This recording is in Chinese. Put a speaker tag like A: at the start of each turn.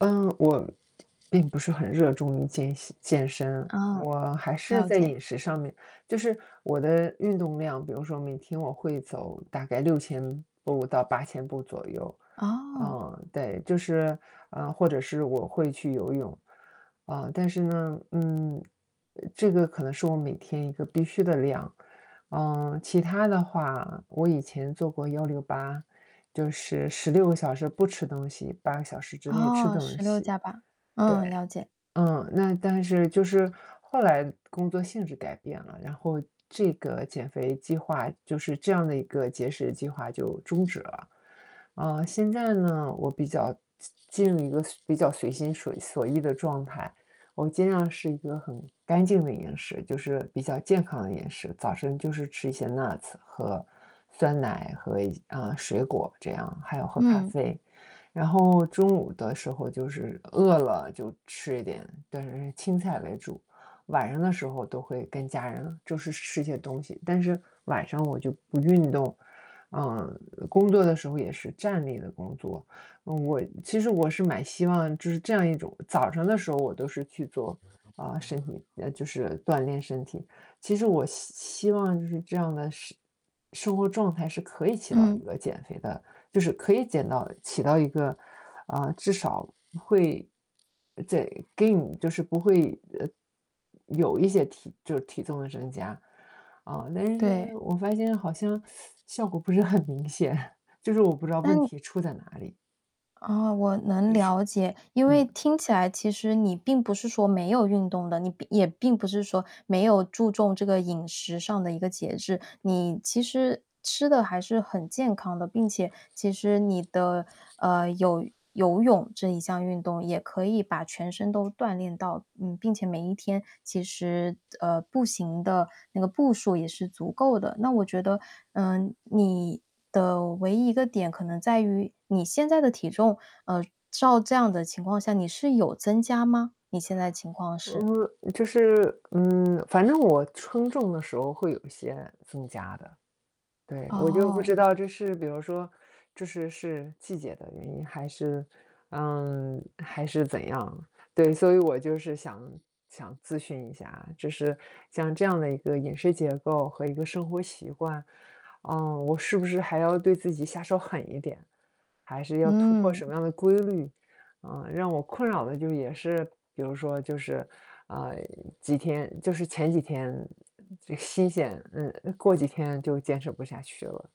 A: 嗯，我，并不是很热衷于健隙健身，
B: 哦，
A: 我还是
B: 了
A: 在
B: 解。
A: 饮食上面就是我的运动量比如说每天我会走大概6000步到8000步左右，
B: 哦。
A: 啊，对。就是，啊，或者是我会去游泳，啊，但是呢，嗯，呃这个可能是我每天一个必须的量。呃，其他的话，我以前做过168就是16个小时不吃东西，8个小时之内吃
B: 哦，
A: 东
B: 16
A: 西。
B: 加8，
A: 对，
B: 嗯，了解。
A: 嗯。那但是就是后来工作性质改变了，然后这个减肥计划就是这样的一个节食计划就终止了。啊，现在呢，我比较进进入一个随比较随心所所欲的状态。我尽量是一个很干净的饮食，就是比较健康的饮食。早上就是吃一些 Nuts 和酸奶和一些呃，水果这样，还有喝咖
B: 嗯。
A: 啡。然后中午的时候就是饿了就吃一点，但是青菜为主，晚上的时候都会跟家人就是吃些东西。但是晚上我就不运动，啊，工作的时候也是站立的工作。嗯，我其实我是蛮希望就是这样一种早上的时候我都是去做，啊，身体呃，就是锻炼身体。其实我希希望就是这样的事生活状态是可以起到一
B: 嗯。
A: 个减肥的，就是可以减到起到一个，啊，至少会，在更就是不会呃，有一些体就是体重的增加。嗯，但是
B: 对。
A: 我发现好像 效果不是很明显，就是我不知道
B: 那
A: 问
B: 你
A: 题出在哪里？
B: 啊，我能
A: 就
B: 了
A: 是
B: 解。因为
A: 嗯。
B: 听起来其实你并不是说没有运动的，你并也并不是说没有注重这个饮食上的一个节制，你其实吃得还是很健康的。并且其实你的呃，有游泳这一项运动也可以把全身都锻炼到，嗯并且每一天其实，呃，步行的那个步数也是足够的。那我觉得，呃，你的唯一一个点可能在于你现在的体重，呃，照这样的情况下，你是有增加吗？你现在情况是？
A: 嗯，就是，嗯，反正我秤重的时候会有一些增加的。对，我就不
B: 哦。
A: 知道这是比如说这是是季节的原因？还是，嗯，还是怎样？对，所以我就是想想咨询一下，就是像这样的一个饮食结构和一个生活习惯，啊，我是不是还要对自己下手狠一点？还是要突破
B: 嗯。
A: 什么样的规律？嗯，让我困扰的就也是比如说就是，呃，几天就是前几天，嗯，这新鲜嗯，过几天就坚持不下去了。